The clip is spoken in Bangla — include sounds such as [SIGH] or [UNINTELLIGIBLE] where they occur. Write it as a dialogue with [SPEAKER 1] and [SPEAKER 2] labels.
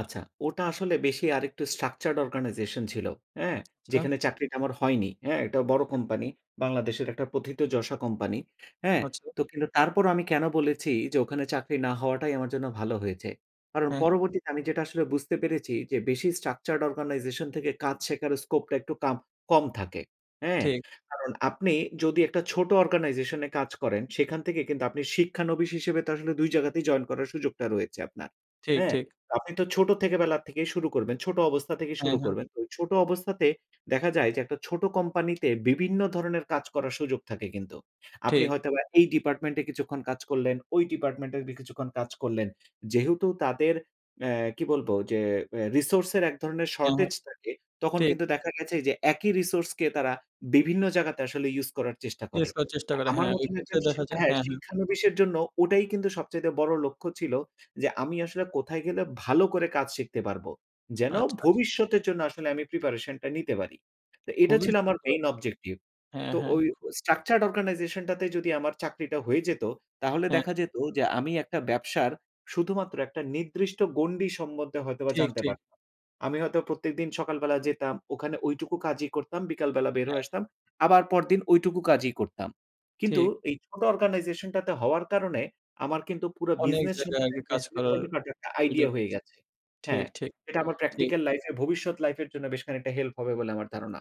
[SPEAKER 1] আচ্ছা, ওটা আসলে বেশি আরেকটু structured organization ছিল। হ্যাঁ,
[SPEAKER 2] আচ্ছা।
[SPEAKER 1] যেখানে চাকরিটা আমার হয়নি। হ্যাঁ, এটা বড়
[SPEAKER 2] হ্যাঁ।
[SPEAKER 1] কোম্পানি, বাংলাদেশের একটা প্রথিতযশা কোম্পানি। হ্যাঁ,
[SPEAKER 2] আচ্ছা।
[SPEAKER 1] তো কিন্তু তারপরও আমি কেন বলেছি যে, ওখানে চাকরি না হওয়াটাই আমার জন্য ভালো হয়েছে। কারণ
[SPEAKER 2] হ্যাঁ।
[SPEAKER 1] পরবর্তীতে আমি যেটা আসলে বুঝতে পেরেছি, যে বেশি structured organization থেকে কাজ শেখার স্কোপটা একটু কাম কম থাকে। হ্যাঁ,
[SPEAKER 2] ঠিক।
[SPEAKER 1] কারণ আপনি যদি একটা ছোট অর্গানাইজেশনে কাজ করেন, সেখান থেকে কিন্তু আপনি শিক্ষানবিশ হিসেবে তো আসলে ২ জায়গাতেই জয়েন করার সুযোগটা রয়েছে আপনার।
[SPEAKER 2] ঠিক,
[SPEAKER 1] হ্যাঁ?
[SPEAKER 2] ঠিক।
[SPEAKER 1] তো আপনি তো ছোট থেকে বেলার থেকেই শুরু করবেন, ছোট অবস্থা থেকেই
[SPEAKER 2] হ্যাঁ,
[SPEAKER 1] শুরু
[SPEAKER 2] হ্যাঁ।
[SPEAKER 1] করবেন। ওই ছোট অবস্থাতে দেখা যায় যে, একটা ছোট কোম্পানিতে বিভিন্ন ধরনের কাজ করার সুযোগ থাকে কিন্তু। আপনি
[SPEAKER 2] ঠিক।
[SPEAKER 1] হয়তো বা এই ডিপার্টমেন্টে কিছুক্ষণ কাজ করলেন, ওই ডিপার্টমেন্টে কিছুক্ষণ কাজ করলেন। যেহেতু তাদের অ্যা কি বলবো, যে অ্যা রিসোর্সের এক ধরনের
[SPEAKER 2] হ্যাঁ, হ্যাঁ।
[SPEAKER 1] শর্টেজ থাকে, তখন
[SPEAKER 2] ঠিক।
[SPEAKER 1] কিন্তু দেখা গেছে যে একই রিসোর্সকে তারা বিভিন্ন জায়গাতে আসলে ইউজ করার চেষ্টা করে।
[SPEAKER 2] ইয়েস করার চেষ্টা
[SPEAKER 1] আর
[SPEAKER 2] করে।
[SPEAKER 1] আমার
[SPEAKER 2] হ্যাঁ, ওই
[SPEAKER 1] মতন
[SPEAKER 2] ক্ষেত্রে
[SPEAKER 1] একজন শি
[SPEAKER 2] দেখা যায়
[SPEAKER 1] হ্যাঁ,
[SPEAKER 2] হ্যাঁ, হ্যাঁ।
[SPEAKER 1] শিক্ষানবিশের জন্য ওটাই কিন্তু সবচাইতে বড় লক্ষ্য ছিল, যে আমি আসলে কোথায় গেলে ভালো করে কাজ শিখতে পারবো, যেন
[SPEAKER 2] আচ্ছা, আচ্ছা।
[SPEAKER 1] ভবিষ্যতের জন্য আসলে আমি প্রিপারেশনটা নিতে পারি। তে এটা
[SPEAKER 2] খুবই
[SPEAKER 1] ছিল আমার
[SPEAKER 2] সুন্দর।
[SPEAKER 1] Main objective.
[SPEAKER 2] হ্যাঁ,
[SPEAKER 1] তো
[SPEAKER 2] হ্যাঁ।
[SPEAKER 1] ওই structured organization টা তে যদি আমার চাকরিটা হয়ে যেত, তাহলে
[SPEAKER 2] হ্যাঁ।
[SPEAKER 1] দেখা যেত যে আমি একটা ব্যবসার শুধুমাত্র একটা নির্দিষ্ট গণ্ডি সম্বন্ধে হয়তোবা
[SPEAKER 2] ঠিক,
[SPEAKER 1] জানতে
[SPEAKER 2] ঠিক।
[SPEAKER 1] পারতাম। আমি হয়তো প্রত্যেকদিন সকালবেলা যেতাম, ওখানে ঐটুকু কাজই করতাম, বিকালবেলা বের
[SPEAKER 2] হ্যাঁ।
[SPEAKER 1] হয়ে আসতাম। আবার পরদিন ঐটুকু কাজই করতাম। কিন্তু
[SPEAKER 2] ঠিক।
[SPEAKER 1] এই ছোট অর্গানাইজেশনটাতে হওয়ার কারণে আমার কিন্তু পুরা
[SPEAKER 2] অনেক
[SPEAKER 1] বিজনেস
[SPEAKER 2] জায়গায় আগে
[SPEAKER 1] সম্পর্কে
[SPEAKER 2] কাজ
[SPEAKER 1] [UNINTELLIGIBLE]
[SPEAKER 2] করার
[SPEAKER 1] ছোট খাটো একটা আইডিয়া
[SPEAKER 2] অভিযোগ।
[SPEAKER 1] হয়ে গেছে।
[SPEAKER 2] ঠিক,
[SPEAKER 1] হ্যাঁ,
[SPEAKER 2] ঠিক,
[SPEAKER 1] এটা আমার
[SPEAKER 2] ঠিক।
[SPEAKER 1] প্র্যাকটিক্যাল লাইফে এর ভবিষ্যৎ লাইফের জন্য বেশ খানিকটা হেল্প হবে বলে আমার ধারণা।